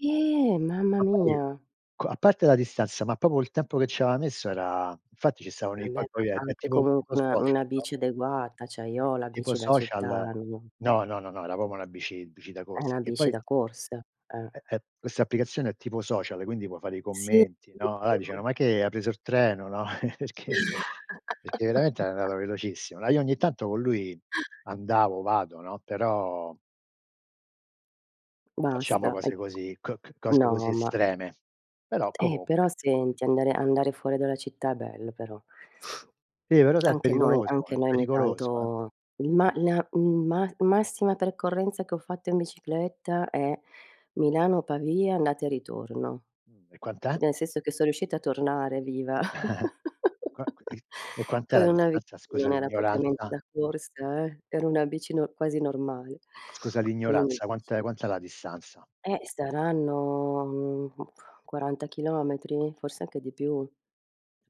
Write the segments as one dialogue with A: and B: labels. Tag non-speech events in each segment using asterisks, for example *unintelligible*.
A: Ehm, mamma
B: Ma poi
A: mia.
B: qua a parte la distanza, ma proprio il tempo che ci aveva messo era infatti ci stavano i
A: Vabbè, ma
B: poi poi è
A: anche
B: tipo
A: comunque
B: tipo
A: una una
B: social, no?
A: bici adeguata. Cioè io ho
B: Tipo
A: la
B: tipo
A: bici da città,
B: social.
A: non
B: No, no, no, no, era proprio na bici bici da
A: Hai
B: corsa.
A: una
B: Che
A: bici
B: poi
A: da corsa. Eh.
B: eh ehm, questa applicazione è tipo social, quindi può fare i
A: Sì.
B: commenti, no. Alla dicevano:
A: *unintelligible*
B: "Ma che ha preso er treno?". No, Perché perché veramente
A: *laughs*
B: *unintelligible* velocissimo. Ehm, io ogni tanto con lui andavo vado, no, però facciamo
A: Basta
B: cose
A: ecc
B: così c c cose
A: no
B: così
A: ma
B: estreme. Però
A: Eh però
B: comunque.
A: senti, andare andare fuori dalla città è bello, però.
B: Sì però sa è
A: Anche noi
B: pericoloso
A: anche
B: è
A: noi ogni
B: pericoloso eh.
A: tanto ma la, mhmm, ma massima percorrenza che ho fatto in bicicletta è Milano-Pavia andata e ritorno.
B: Mh. E quant'è?
A: Nel senso che so riuscita a tornare viva
B: *chuckles* Qua
A: *giggles*
B: ehm, e quant'è
A: con
B: la
A: una bi
B: distanza,
A: che
B: scusa
A: non era propriamente
B: l'ignoranza?
A: da corsa eh. Era una bici, no quasi normale.
B: Scusa
A: Quindi,
B: l'ignoranza, quant'è
A: dici
B: quant'è la distanza?
A: Ehm, saranno, mhmm, 40 chilometri, forse anche di più.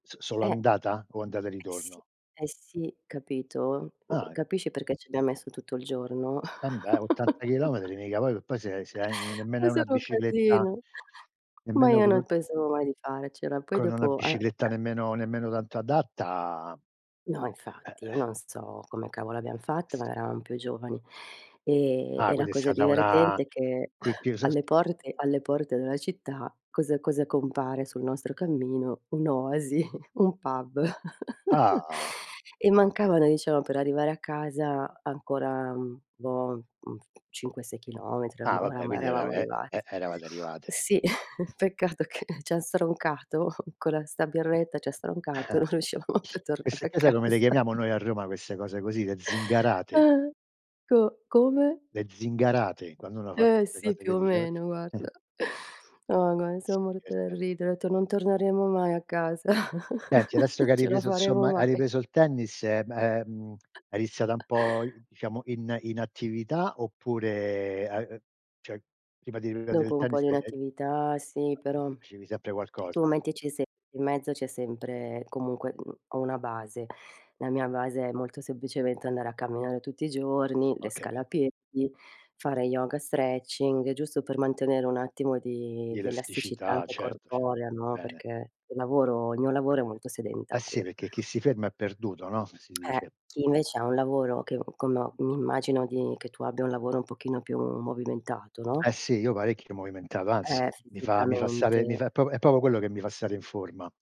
B: S solo
A: Eh.
B: andata o andata e
A: Eh sì
B: ritorno?
A: eh sì, capito? Uhm,
B: Ah.
A: capisci perché ci abbiam messo tutto il giorno?
B: Embè 80
A: *chuckles*
B: chilometri mica poi poi se se hai nemmeno
A: È
B: hai una
A: solo un
B: bicicletta
A: casino, ma
B: nemmeno
A: io
B: con un
A: non pensavo mai di farcela. Poi
B: con una
A: dopo ehm
B: bicicletta nemmeno nemmeno tanto adatta
A: No,
B: Eh,
A: infatti, io
B: eh.
A: non so come cavolo abbiam fatto, ma eravam più giovani. Ehm,
B: Ah
A: e la
B: quindi è
A: cosa
B: stata una
A: divertente è che
B: qui che
A: *chuckles*
B: io sa
A: alle porte alle porte della città cosa cosa compare sul nostro cammino? Un'oasi, *chuckles* un pub. *giggles*
B: Ah.
A: E mancavano diciamo per arrivare a casa ancora, mhmm, boh, mhmm, 5, 6 chilometri,
B: Ah
A: orma
B: vabbè
A: oramai
B: quindi era
A: eravamo
B: e
A: arrivati.
B: e eravate arrivate.
A: Sì, *chuckles* peccato che c'ha stroncato co la sta birretta, c'ha stroncato,
B: *chuckles*
A: non riuscivamo più a tornare
B: Queste
A: a
B: qua sai come le
A: casa.
B: chiamiamo noi a Roma, queste cose così? Le zingarate.
A: Ah-ah, Co come?
B: Le zingarate quando uno fa
A: Ehm,
B: queste
A: sì,
B: cose
A: più
B: poi
A: o
B: dice
A: meno,
B: *unintelligible* *chuckles*
A: guarda. No, gua
B: Sì
A: son morta dal
B: divertente
A: ridere. Ho etto:
B: diverten
A: "Non torneremo mai a casa.
B: Senti
A: *chuckles*
B: adesso che
A: Non
B: hai
A: ce la
B: ripreso
A: faremo
B: insomma hai
A: mai".
B: ripreso il tennis, ehm ehm, è iniziata un
A: *chuckles*
B: po' diciamo in in attività oppure hai ehm, cioè prima di riprendere il
A: Dopo un po'
B: tennis
A: di
B: hai hai
A: inattività sì, però
B: facevi sempre
A: tu
B: qualcosa.
A: mettici semp in mezzo c'è sempre comunque, mhmm, ho una base. La mia base è molto semplicemente andare a camminare tutti i giorni, le
B: Ho
A: scale
B: capit
A: a piedi, fare yoga, stretching, giusto per mantenere un attimo di
B: Di
A: di elasticità
B: elasticità
A: anche
B: certo cert
A: corporea
B: va
A: no,
B: bene.
A: perché il lavoro il mio lavoro il mio lavoro è molto
B: Eh sì
A: sedentario.
B: perché chi si ferma è perduto, no. Si
A: Eh,
B: dice.
A: chi invece ha un lavoro che mhmm, como mi immagino di che tu abbia un lavoro un pochino più movimentato, no?
B: Eh sì, io parecchio movimentato,
A: Ehm,
B: anzi mi fa mi fa stare mi
A: fisicamente.
B: fa è proprio è proprio quello che mi fa stare in forma.